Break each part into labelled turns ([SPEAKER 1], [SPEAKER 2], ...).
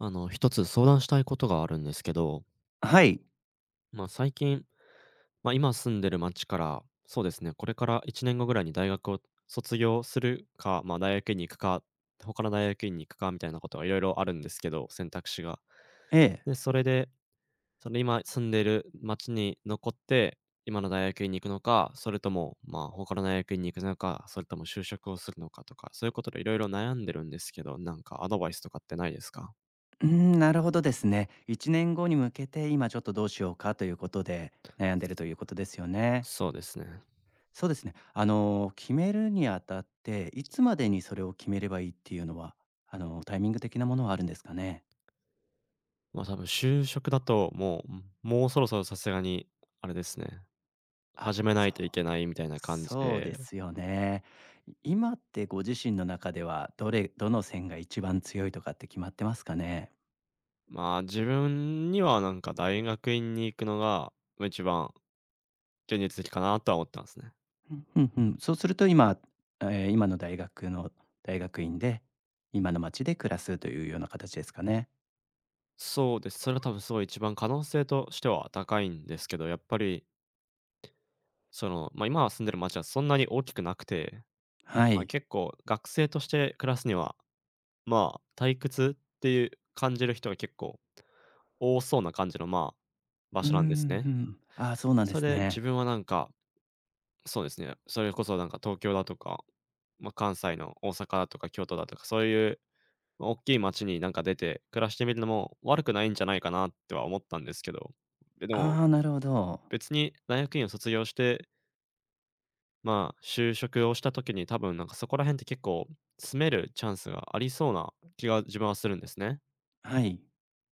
[SPEAKER 1] あの、一つ相談したいことがあるんですけど。
[SPEAKER 2] あ、はい。
[SPEAKER 1] まあ、最近、ま、今住んでる町から、そうですね、これから1年後ぐらいに大学を卒業するか、ま、大学院に行くか、他の大学院に行くかみたいなことがいろいろあるんですけど、選択肢が。
[SPEAKER 2] ええ。
[SPEAKER 1] で、それで、その今住んでいる町に残って、今の大学院に行くのか、それとも、まあ、他の大学院に行くのか、それとも就職をするのかとか、そういうことで色々悩んでるんですけど、なんかアドバイスとかってないですか？
[SPEAKER 2] うん、なるほどですね。1年後に向けて、今ちょっとどうしようかということで、悩んでるということですよね。
[SPEAKER 1] そうですね。
[SPEAKER 2] そうですね。あの、決めるにあたって、いつまでにそれを決めればいいっていうのは、あの、タイミング的なものはあるんですかね？
[SPEAKER 1] まあ、多分就職だと、もう、ん、もうそろそろさすがにあれですね。
[SPEAKER 2] あ、
[SPEAKER 1] 始めな
[SPEAKER 2] そ
[SPEAKER 1] い
[SPEAKER 2] う、
[SPEAKER 1] といけないみたいな感じ
[SPEAKER 2] そう
[SPEAKER 1] で。
[SPEAKER 2] ですよね。い今ってご自身の中ではどれどの線が一番強いとかって決まってますかね？
[SPEAKER 1] まあ、自分にはなんか、大学院に行くのが、まあ、一番現実的かなとは思ってますね。
[SPEAKER 2] うん、ふんふん。そうすると今、ええ、今の大学の大学院で、今の町で暮らすというようなかたちですかね。
[SPEAKER 1] そうです。それは多分すごい一番可能性としては高いんですけど、やっぱりその、ま、今は住んでる町はそんなに大きくなくて、
[SPEAKER 2] は
[SPEAKER 1] ま、
[SPEAKER 2] い。
[SPEAKER 1] 結構学生として暮らすには、まあ、退屈っていう感じる人は結構多そうな感じのまあ、場
[SPEAKER 2] うー
[SPEAKER 1] 所なんです
[SPEAKER 2] ん、ふ
[SPEAKER 1] ね。
[SPEAKER 2] ん。ああ、そうなんで
[SPEAKER 1] そ
[SPEAKER 2] す
[SPEAKER 1] れ、
[SPEAKER 2] ね。
[SPEAKER 1] 自分はなんか、そうですね、それこそなんか東京だとか、ま、関西の大阪とか京都だとかそういう大きい街になんか出て暮らしてみるのも悪くないんじゃないかなっては思ったんですけど、え、でも、
[SPEAKER 2] ああ、なるほど。
[SPEAKER 1] 別に大学院を卒業してまあ、就職をした時に、多分なんかそこら辺って結構、住めるチャンスがありそうな気が自分はするんですね。
[SPEAKER 2] はい。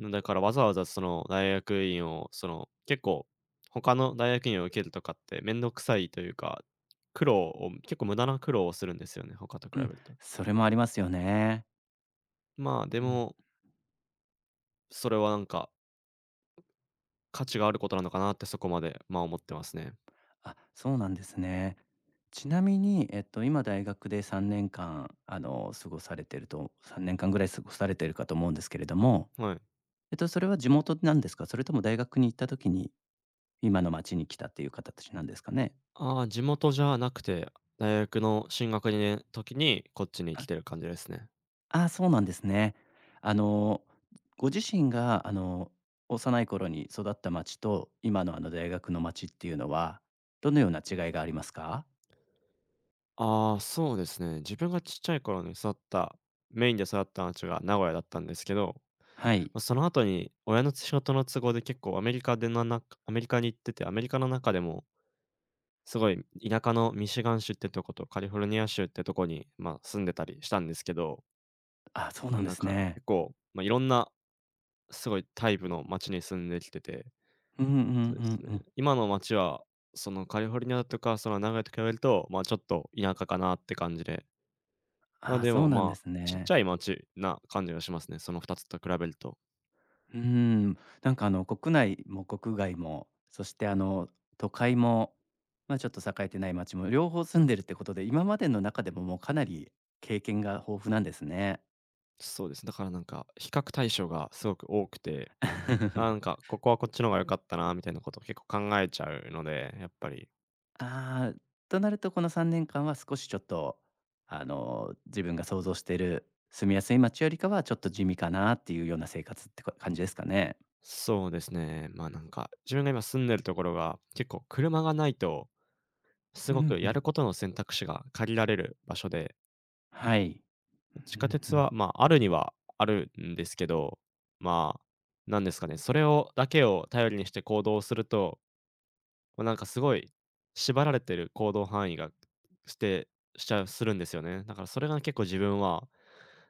[SPEAKER 1] うん、だから、わざわざその、大学院を、その、結構、ほかの大学院を受けるとかって面倒くさいというか、苦労を結構無駄な苦労をするんですよね、ほかと比
[SPEAKER 2] うん、
[SPEAKER 1] べると。
[SPEAKER 2] それもありますよね。
[SPEAKER 1] まあ、で
[SPEAKER 2] うん。
[SPEAKER 1] もそれはなんか、価値があることなのかなって、そこまで、まあ、思ってますね。
[SPEAKER 2] あ、そうなんですね。ちなみに、えっと、今大学で3年間、あの、過ごされてると3年間ぐらい過ごされてるかと思うんですけれども、
[SPEAKER 1] はい。
[SPEAKER 2] えっと、それは地元なんですか？それとも大学に行った時に今の町に来たっていうかたちなんですかね？
[SPEAKER 1] ああ、地元じゃなくて、大学の進学にねん、ときにこっちに来
[SPEAKER 2] あ。
[SPEAKER 1] てる感じですね。
[SPEAKER 2] ああ、そうなんですね。あの、ご自身があの、幼い頃に育った町と今のあの、大学の町っていうのは、どのような違いがありますか？
[SPEAKER 1] ああ、そうですね。自分がちっちゃい頃に育った、メインで育った町が名古屋だったんですけど、
[SPEAKER 2] はい。
[SPEAKER 1] ま、そのあとに親のつ仕事の都合で結構アメリカでななんか、アメリカに行ってて、アメリカの中でもすごい田舎のミシガン州ってとことカリフォルニア州ってとこに、まあ、住んでたりしたんですけど。
[SPEAKER 2] あ、そうな
[SPEAKER 1] の
[SPEAKER 2] んで
[SPEAKER 1] なん
[SPEAKER 2] す
[SPEAKER 1] か、
[SPEAKER 2] ね。
[SPEAKER 1] 結構、ま、いろんな、すごいタイプの町に住んできてて、
[SPEAKER 2] うんうん
[SPEAKER 1] そうで
[SPEAKER 2] う
[SPEAKER 1] す
[SPEAKER 2] ん
[SPEAKER 1] ね。
[SPEAKER 2] うん。
[SPEAKER 1] 今の町は、そのカリフォルニアとか、その名古屋と比べると、まあ、ちょっと田舎かなって感じで。ま、
[SPEAKER 2] ああ、
[SPEAKER 1] で
[SPEAKER 2] そ
[SPEAKER 1] も
[SPEAKER 2] うなん
[SPEAKER 1] ま
[SPEAKER 2] で
[SPEAKER 1] あ、
[SPEAKER 2] す
[SPEAKER 1] ちっち
[SPEAKER 2] ね。
[SPEAKER 1] ゃい町な感じがしますね。その2つと比べると。
[SPEAKER 2] うーん、なんかあの、国内も国外も、そしてあの都会も、まあ、ちょっと栄えてない町も両方住んでるってことで、今までの中でももうかなり経験が豊富なんですね。
[SPEAKER 1] そうですね。だからなんか、比較対象がすごく多くて、ああ、な んか、ここはこっちの方が良かったなみたいなことを結構考えちゃうので、やっぱり。
[SPEAKER 2] ああ、となるとこの3年間は少しちょっと、あの、自分が想像している住みやすい街よりかはちょっと地味かなっていうような生活って、こ感じですかね？
[SPEAKER 1] そうですね。まあ、なんか、自分が今住んでるところが結構車がないと、す
[SPEAKER 2] う
[SPEAKER 1] ご
[SPEAKER 2] ん
[SPEAKER 1] く
[SPEAKER 2] う
[SPEAKER 1] やる
[SPEAKER 2] ん。
[SPEAKER 1] ことの選択肢が限られる場所で。
[SPEAKER 2] はい。
[SPEAKER 1] 地
[SPEAKER 2] うん
[SPEAKER 1] 下
[SPEAKER 2] う
[SPEAKER 1] 鉄
[SPEAKER 2] ん。
[SPEAKER 1] は、まあ、あるにはあるんですけど、まあ、なんですかね、それをだけを頼りにして行動すると…ま、なんかすごい、縛られている行動範囲がしてしちゃうするんですよね。だからそれが結構自分は、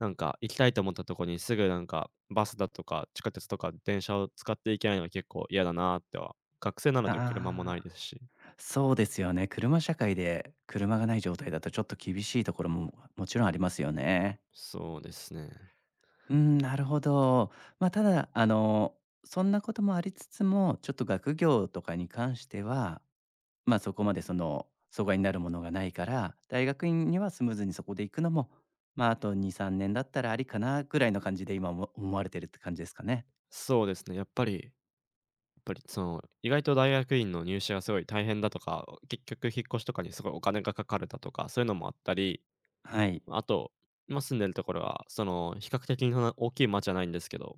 [SPEAKER 1] なんか行きたいと思ったところに、すぐなんか、バスだとか地下鉄とか電車を使っていけないのは結構嫌だなっては、学生なので車もない
[SPEAKER 2] あ
[SPEAKER 1] で
[SPEAKER 2] あ、
[SPEAKER 1] すし。
[SPEAKER 2] そうですよね、車社会で車がない状態だとちょっと厳しいところも、もちろんありますよね。
[SPEAKER 1] そうですね。
[SPEAKER 2] うん、なるほど。まあただ、あの、そんなこともありつつも、ちょっと学業とかに関しては、ま、そこまでその、阻害になるものがないから、大学院にはスムーズにそこで行くのも、まああと、2、3年だったらありかなぐらいの感じで今おも思われてるって感じですかね？
[SPEAKER 1] そうですね、やっぱりやっぱりその、意外と大学院の入試がすごい大変だとか、結局引っ越しとかにすごいお金がかかるだとか、そういうのもあったり、
[SPEAKER 2] はい。
[SPEAKER 1] ま、あと、今住んでるところは、その比較的そんな大きい町じゃないんですけど、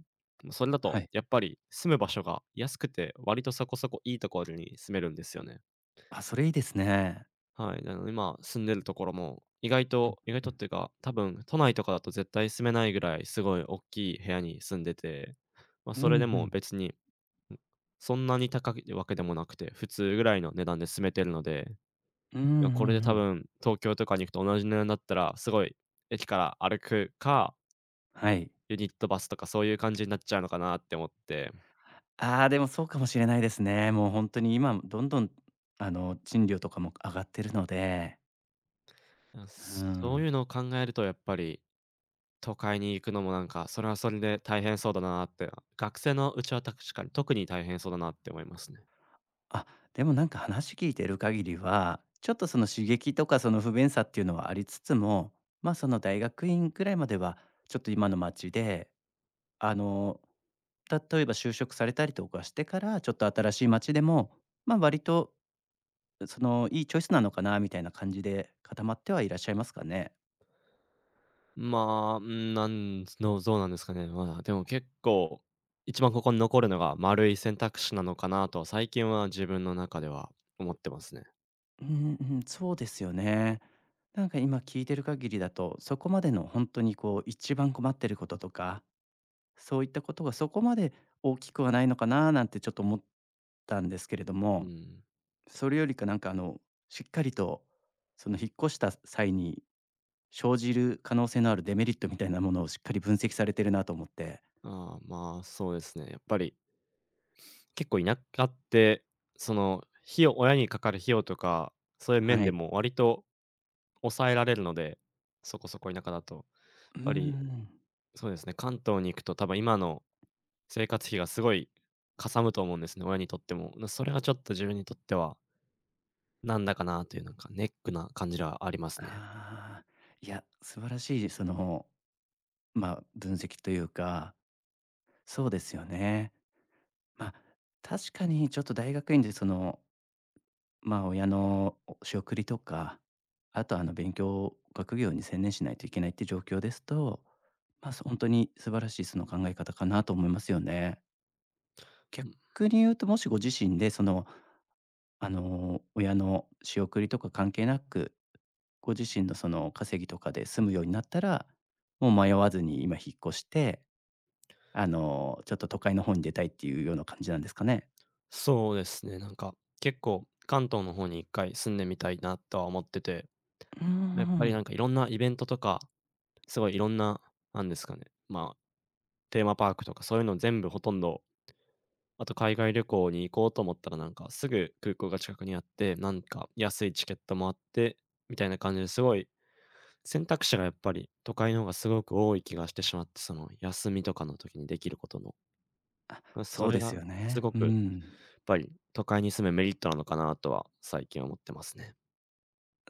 [SPEAKER 1] それだ
[SPEAKER 2] は
[SPEAKER 1] と
[SPEAKER 2] い。
[SPEAKER 1] やっぱり住む場所が安くて、割とそこそこ良いところに住めるんですよね。
[SPEAKER 2] あ、それ良いですね。
[SPEAKER 1] はい、なので今住んでるところも、意外
[SPEAKER 2] う
[SPEAKER 1] と
[SPEAKER 2] ん
[SPEAKER 1] 意外
[SPEAKER 2] う
[SPEAKER 1] とっ
[SPEAKER 2] ん。
[SPEAKER 1] ていうか、多分都内とかだと絶対住めないぐらい、すごいおっきい部屋に住んでて、ま、
[SPEAKER 2] うんう
[SPEAKER 1] それでも
[SPEAKER 2] ん。
[SPEAKER 1] 別に、んそんなに高いわけでもなくて、普通ぐらいの値段で住めてるので、い
[SPEAKER 2] うーん、うん
[SPEAKER 1] やこ
[SPEAKER 2] う
[SPEAKER 1] れで多
[SPEAKER 2] ん。
[SPEAKER 1] 分東京とかに行くと同じ値段になったら、すごい駅から歩くか
[SPEAKER 2] はい。
[SPEAKER 1] ユニットバスとかそういう感じになっちゃうのかなって思って。
[SPEAKER 2] ああ、でもそうかもしれないですね。もうほんとに、今どんどん、あの、賃料とかも上がってるので。
[SPEAKER 1] ま、
[SPEAKER 2] う
[SPEAKER 1] そう
[SPEAKER 2] ん。
[SPEAKER 1] いうのを考えるとやっぱり、都会に行くのもなんか、それはそれで大変そうだなって、学生のうちは確かに、特に大変そうだなって思いますね。
[SPEAKER 2] あ、でもなんか話聞いてる限りは、ちょっとその、刺激とかその不便さっていうのはありつつも、ま、その、大学院くらいまではちょっと今の町で、あの、例えば就職されたりとかしてから、ちょっと新しい町でも、ま、割とそのいいチョイスなのかなみたいな感じで、固まってはいらっしゃいますかね？
[SPEAKER 1] まあ、うーん、なんつのぞうなんですかね。まあ、でも結構、一番、ここに残るのが円い選択肢なのかなと最近は自分の中では思ってますね。
[SPEAKER 2] うんうん、そうですよね。なんか今聞いてる限りだと、そこまでのほんとにこう一番困ってることとか、そういったことがそこまで大きくはないのかななんて、ちょっと思ったんですけれど
[SPEAKER 1] う
[SPEAKER 2] も、
[SPEAKER 1] ん。
[SPEAKER 2] それよりかなんかあの、しっかりと、その引っ越した際に生じる可能性のあるデメリットみたいなものをしっかり分析されてるなと思って。
[SPEAKER 1] ああ、まあ、そうですね、やっぱり結構、田舎ってその費用親にかかる費用とか、そういう面
[SPEAKER 2] は
[SPEAKER 1] で
[SPEAKER 2] い。
[SPEAKER 1] も割と抑えられるので、そこそこ田舎だと、やっ
[SPEAKER 2] うー
[SPEAKER 1] ぱり、
[SPEAKER 2] ん。
[SPEAKER 1] そうですね、関東に行くと多分今の生活費がすごいかさむと思うんですね、親にとっても。ま、それはちょっと自分にとってはなんだかなというのか、ネックな感じではありますね。
[SPEAKER 2] ああ、いや、素晴らしいその、ま、分析というか、そうですよね。ま、確かにちょっと大学院でその、まあ、親の、お仕送りとか、あとあの、勉強、学業に専念しないといけないって状況ですと、まあ、そほんとに素晴らしい、その考え方かなと思いますよね。
[SPEAKER 1] うん。
[SPEAKER 2] 逆に言うと、もしご自身で、そのあの親の仕送りとか関係なく、ご自身のその稼ぎとかで住むようになったら、もう迷わずに今引っ越して、あのちょっと都会の方に出たいっていうような感じなんですかね。
[SPEAKER 1] そうですね、なんか、結構関東の方に一回住んでみたいなとは思ってて。
[SPEAKER 2] うー
[SPEAKER 1] やっぱりな
[SPEAKER 2] ん。
[SPEAKER 1] んかいろんなイベントとか、すごいいろんななんですかね、ま、テーマパークとかそういうの全部ほとんど、あと海外旅行に行こうと思ったら、なんかすぐ空港が近くにあって、なんか安いチケットもあって、みたいな感じで、すごい、選択肢がやっぱり都会の方がすごく多い気がしてしまって、その休みとかの時にできることの。
[SPEAKER 2] あ、
[SPEAKER 1] ま、そ
[SPEAKER 2] そう
[SPEAKER 1] れ
[SPEAKER 2] です
[SPEAKER 1] が、
[SPEAKER 2] よ
[SPEAKER 1] す
[SPEAKER 2] ね。
[SPEAKER 1] ご
[SPEAKER 2] う
[SPEAKER 1] くやっ
[SPEAKER 2] ん。
[SPEAKER 1] ぱり都会に住むメリットなのかなとは、最近思ってますね。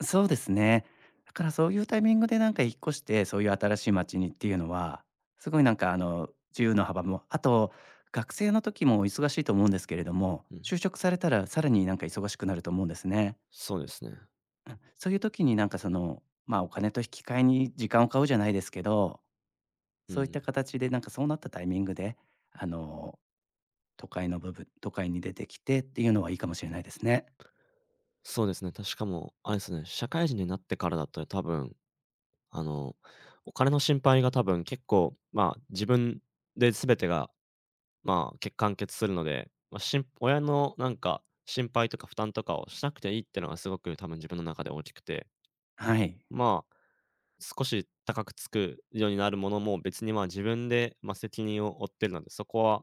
[SPEAKER 2] そうですね。だからそういうタイミングでなんか引っ越して、そういう新しい街にっていうのは、すごいなんかあの、自由の幅も、あと、学生の時も忙しいと思うんですけれども、
[SPEAKER 1] うん。
[SPEAKER 2] 就職されたらさらになんか忙しくなると思うんですね。
[SPEAKER 1] そうですね。
[SPEAKER 2] あ、そういう時になんかその、まあ、お金と引き換えに時間を買うじゃないですけど、
[SPEAKER 1] う
[SPEAKER 2] そういっ
[SPEAKER 1] ん。
[SPEAKER 2] た形でなんかそうなったタイミングで、あの、都会の部分都会に出てきてっていうのはいいかも知れないですね。
[SPEAKER 1] そうですね。たしかもあれすね、社会人になってからだと多分、あの、お金の心配が多分結構、まあ、自分で全てが、まあ、け完結するので、ま、しん親のなんか心配とか負担とかをしなくていいってのが、すごく多分自分の中で大きくて。
[SPEAKER 2] はい。
[SPEAKER 1] まあ、少し高くつくようになるものも、別にまあ、自分で、ま、責任を負っているので、そこは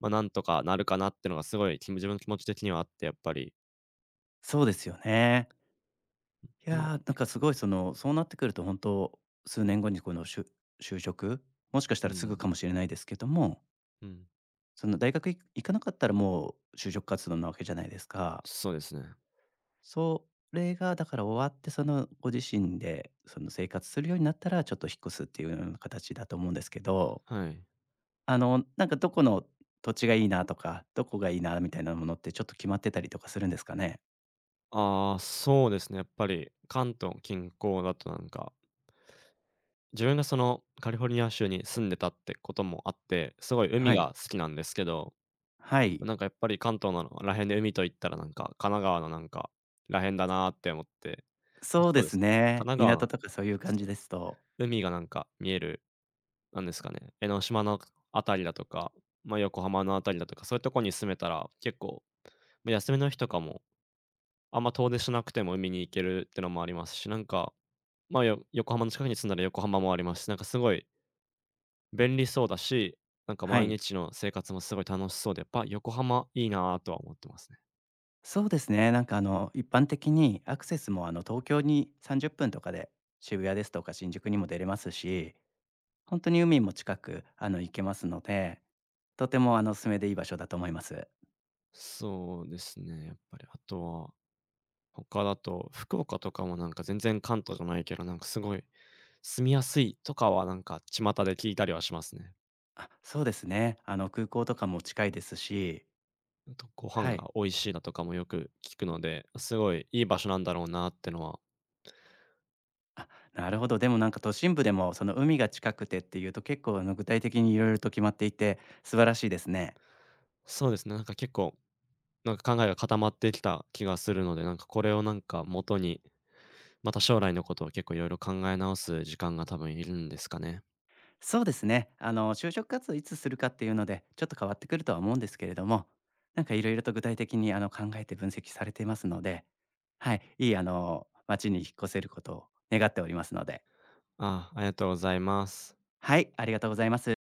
[SPEAKER 1] ま、なんとかなるかなってのがすごい、きむ自分の気持ち的にはあって、やっぱり。
[SPEAKER 2] そうですよね。いや、
[SPEAKER 1] んま
[SPEAKER 2] なんかすごいその、そうなってくるとほんと、数年後にこのしゅ就職、もしかした
[SPEAKER 1] うん
[SPEAKER 2] ら
[SPEAKER 1] う
[SPEAKER 2] すぐ
[SPEAKER 1] ん。
[SPEAKER 2] かも知れないですけども。
[SPEAKER 1] うん。
[SPEAKER 2] その大学い行かなかったらもう就職活動なわけじゃないですか。
[SPEAKER 1] そうですね。
[SPEAKER 2] それがだから終わってその、ご自身でその生活するようになったら、ちょっと引っ越すっていうような形だと思うんですけど。
[SPEAKER 1] はい。
[SPEAKER 2] あの、なんか、どこの土地がいいなとか、どこがいいな、みたいなものってちょっと決まってたりとかするんですかね？
[SPEAKER 1] ああ、そうですね、やっぱり関東近郊だとなんか自分がその、カリフォルニア州に住んでたってこともあって、すごい海
[SPEAKER 2] はい。
[SPEAKER 1] が好きなんですけど、
[SPEAKER 2] はい。
[SPEAKER 1] なんかやっぱり、関東なのはら辺で海といったらなんか、神奈川のなんか、らへんだなって思ってま、
[SPEAKER 2] そう
[SPEAKER 1] そ
[SPEAKER 2] で
[SPEAKER 1] うで
[SPEAKER 2] す
[SPEAKER 1] すね。神
[SPEAKER 2] ね、
[SPEAKER 1] 奈川
[SPEAKER 2] 港
[SPEAKER 1] の
[SPEAKER 2] とかそういう
[SPEAKER 1] そ
[SPEAKER 2] 感
[SPEAKER 1] う
[SPEAKER 2] じで
[SPEAKER 1] で
[SPEAKER 2] す
[SPEAKER 1] すね。
[SPEAKER 2] と。
[SPEAKER 1] 海がなんか見える、なんですかね、江ノ島のあくあたりだとか、まあ、横浜のあたりだとか、そういうところに住めたら結構、ま、休みの日とかも、あんま遠出しなくても海に行けるってのもありますし、なんか、ま、よ横浜の近くに住んだら横浜もありますし、なんかすごい便利そうだし、なんか
[SPEAKER 2] は
[SPEAKER 1] 毎
[SPEAKER 2] い。
[SPEAKER 1] 日の生活もすごい楽しそうで、やっぱ横浜いいなとは思ってますね。
[SPEAKER 2] そうですね、なんかあの、一般的にアクセスも、あの、東京に30分とかで、渋谷ですとか新宿にも出れますし、ほんとに海も近く、あの、行けますので、とてもあの、お勧めでいい場所だと思います。
[SPEAKER 1] そうですね、やっぱりあとは、他だと福岡とかもなんか全然関東じゃないけどなんか、すごい住みやすいとかはなんか、巷で聞いたりはしますね。
[SPEAKER 2] あ、そうですね。あの、空港とかも近いですし。
[SPEAKER 1] あと、ご飯
[SPEAKER 2] は
[SPEAKER 1] が
[SPEAKER 2] い。
[SPEAKER 1] 美味しいだとかもよく聞くので、すごいいい場所なんだろうなってのは
[SPEAKER 2] あ、なるほど。でもなんか、都心部でも、その、海が近くてっていうと結構、あの、具体的に色々と決まっていて、素晴らしいですね。
[SPEAKER 1] そうですね、なんか結構、なんか考えが固まってきた気がするのでなんか、これをなんかもとに、また、将来のことを結構いろいろ考え直す時間が、多分いるんですかね。
[SPEAKER 2] そうですね、あの、就職活動をいつするかっていうので、ちょっと変わってくるとは思うんですけれども、なんかいろいろと具体的に、あの、考えて分析されていますので、はい、いいあの、街に引っ越せることを願っておりますので。
[SPEAKER 1] あ、ありがとうございます。
[SPEAKER 2] はい、ありがとうございます。